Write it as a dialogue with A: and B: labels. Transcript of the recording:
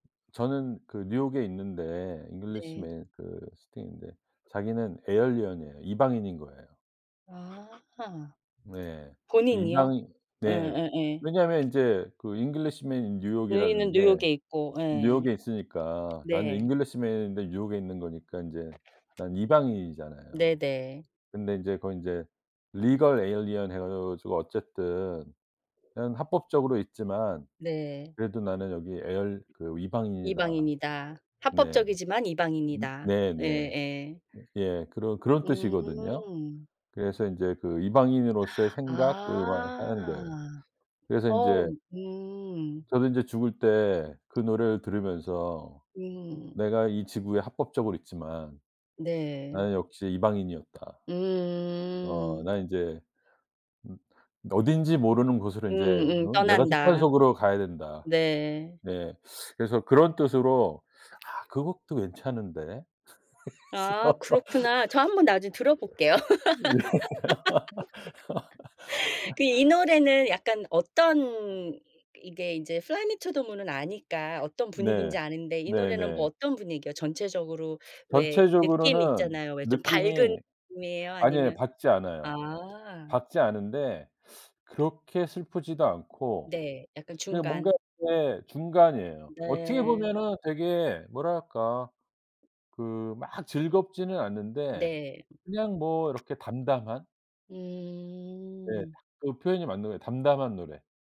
A: 저는 그 뉴욕에 있는데
B: 네.
A: 잉글리쉬맨 그 스팅인데 자기는 에얼리언이에요. 이방인인 거예요.
B: 아.
A: 네. 그
B: 본인이요?
A: 이방인
B: 예
A: 네.
B: 예예.
A: 왜냐면 인제 그 Englishman in New York이라는
B: 누이는
A: 게
B: 뉴욕에 있고. 예.
A: 뉴욕에 있으니까 나는
B: 네.
A: 잉글리시맨인데 뉴욕에 있는 거니까 인제 난 이방인이잖아요.
B: 네네.
A: 근데 인제 그건 인제 Legal alien 해 가 가지고 어쨌든 그냥 합법적으로 있지만
B: 네.
A: 그래도 '나는 여기 에얼 그 이방인이다.'
B: 이방인이다.
A: 네.
B: 합법적이지만 이방인이다.
A: 네네.
B: 예예.
A: 예 그런 그런 뜻이거든요.
B: 음.
A: 그래서 인제 그 이방인으로서의 생각 그 막 하는 거예요.
B: 아.
A: 그래서
B: 어
A: 인제
B: 음.
A: 저도 인제 죽을 때 그 노래를 들으면서
B: 음.
A: '내가 이 지구에 합법적으로 있지만
B: 네.
A: 나는 역시 이방인이었다.' '어
B: 음.
A: 난 인제 음 그 어딘지 모르는 곳으로 이제
B: 음음.
A: 음 내가 속한
B: 떠난다.
A: 속으로 가야 된다.'
B: 네.
A: 네 그래서 그런 뜻으로 아 그것도 괜찮은데
B: 아 그렇구나. 저 한번
A: 그래서.
B: 나중에 들어볼게요.
A: 예.
B: 그 이 노래는 약간 어떤 이 이게 이제 fly me to the moon은 아니까 어떤
A: 네.
B: 분위기인지 아는데 이 노래는 뭐
A: 네네.
B: 어떤 분위기에요? 전체적으로 왜 느낌
A: 전체적으로는
B: 있잖아요. 왜 좀
A: 느낌이
B: 밝은 느낌이에요?
A: 아니에요
B: 아니면
A: 밝지 않아요.
B: 아.
A: 밝지 않은데 그렇게 슬프지도 않고
B: 네. 약간
A: 그냥 뭔가
B: 중간.
A: 예 중간이에요. 어떻게
B: 네.
A: 보면은 되게 뭐랄까? 그 막 즐겁지는 않은데
B: 네.
A: 그냥 뭐 이렇게 담담한? 네.
B: 음.
A: 딱 그 표현이 맞는 거 같 담담한 노래.